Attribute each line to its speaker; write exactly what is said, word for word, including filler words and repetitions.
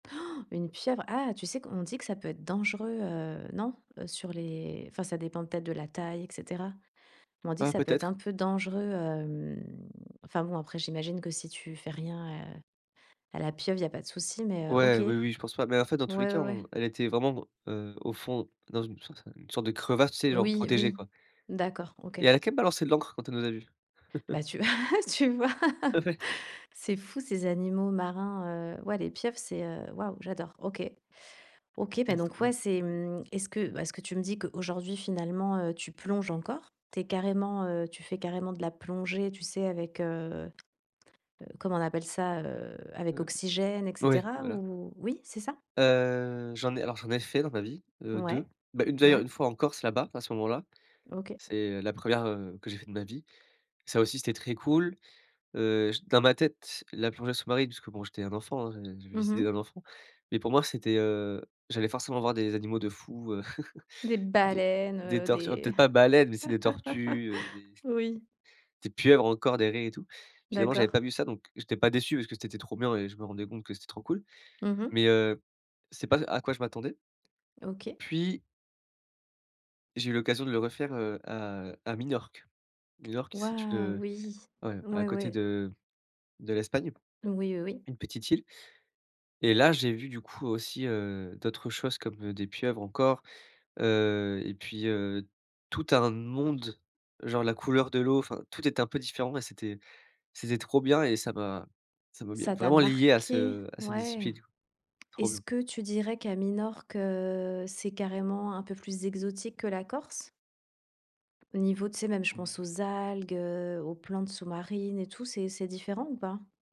Speaker 1: Une pieuvre! Ah, tu sais qu'on dit que ça peut être dangereux, heu, non? Heu, sur les, enfin, ça dépend peut-être de la taille et cetera. Mais on dit que
Speaker 2: Ah,
Speaker 1: ça peut être un
Speaker 2: peut-être.
Speaker 1: peu dangereux, hem, enfin, bon, après j'imagine que si tu fais rien, heu, à la pieuvre, il y pas de souci mais, heu, OK.
Speaker 2: Ouais,
Speaker 1: Ouais,
Speaker 2: oui, oui, je pense pas, mais en fait dans tous les cas
Speaker 1: ouais, ouais.
Speaker 2: on elle était vraiment br heu, au fond dans une sorce une sorte de crevasse, tu sais, genre
Speaker 1: Oui,
Speaker 2: protégée,
Speaker 1: oui.
Speaker 2: quoi
Speaker 1: D'accord, OK.
Speaker 2: et elle a quand même balancé de l'encre quand elle nous a vu.
Speaker 1: Bah tu v ah tu vois,
Speaker 2: Ah ouais.
Speaker 1: c'est fou, ces animaux marins, heu, ouais, les pieuvres, c'est heu, waouh, j'adore. OK. OK,
Speaker 2: Ouais,
Speaker 1: bah
Speaker 2: c'est
Speaker 1: donc
Speaker 2: trop
Speaker 1: ouais,
Speaker 2: bien.
Speaker 1: c'est mmh, est-ce que bah ce que tu me dis qu'aujourd'hui, finalement, heu, tu plonges encore. Tu es carrément, heu, tu fais carrément de la plongée, tu sais, avec, heu, heu, comment on appelle ça, heu, avec
Speaker 2: Hem,
Speaker 1: oxygène, et
Speaker 2: ouais,
Speaker 1: cetera
Speaker 2: voilà.
Speaker 1: ou? Oui, c'est ça?
Speaker 2: Heu, j'en ai alors j'en ai fait dans ma vie, heu,
Speaker 1: Ouais,
Speaker 2: deux. Bah une d'ailleurs
Speaker 1: ouais.
Speaker 2: une fois en Corse, là-bas, à ce moment-là,
Speaker 1: OK.
Speaker 2: c'est, heu, la première, heu, que j'ai fait de ma vie. Ça aussi c'était très cool, heu, j dans ma tête, la plongée sous-marine puisque bon j'étais un enfant, hein, j'avais les
Speaker 1: Mmh
Speaker 2: idées
Speaker 1: mh.
Speaker 2: d'un enfant, mais pour moi c'était, heu, j'allais forcément voir des animaux de fou, heu,
Speaker 1: Des
Speaker 2: des
Speaker 1: baleines,
Speaker 2: des
Speaker 1: heu,
Speaker 2: tortues, alors
Speaker 1: des
Speaker 2: peut-être pas baleines, mais tu sais des tortues, heu, des
Speaker 1: Oui.
Speaker 2: des pieuvres encore, des raies et tout. Finalement, j'avais
Speaker 1: D'accord.
Speaker 2: pas vu ça, donc j'étais pas déçu parce que c'était trop bien et je me rendais compte que c'était trop cool
Speaker 1: Mmh mh.
Speaker 2: mais heu, c'est pas à quoi je m'attendais
Speaker 1: OK.
Speaker 2: puis j'ai eu l'occasion de le refaire, heu, à à Minorque. Minorque, c'est une,
Speaker 1: Waouh!
Speaker 2: heu,
Speaker 1: Oui.
Speaker 2: ouais, à
Speaker 1: Ouais,
Speaker 2: côté
Speaker 1: ouais.
Speaker 2: de de l'Espagne,
Speaker 1: Oui, heu, oui.
Speaker 2: une petite île et là, j'ai vu du coup aussi, heu, d'autres choses comme, heu, des pieuvres encore, heu et puis, heu, tout un monde, genre la couleur de l'eau, enfin tout est un peu différent et c'était c'était trop bien et ça m'a ça m'a mis
Speaker 1: Ça t'a
Speaker 2: vraiment lié à
Speaker 1: marqué?
Speaker 2: ce à cette
Speaker 1: Ouais.
Speaker 2: discipline, quoi. Trop
Speaker 1: Est-ce
Speaker 2: bien.
Speaker 1: que tu dirais qu'à Minorque, heu, c'est carrément un peu plus exotique que la Corse au niveau, tu sais, même je pense
Speaker 2: Ouais.
Speaker 1: aux algues, heu, aux plantes sous-marines et tout, c'est c'est différent ou pas?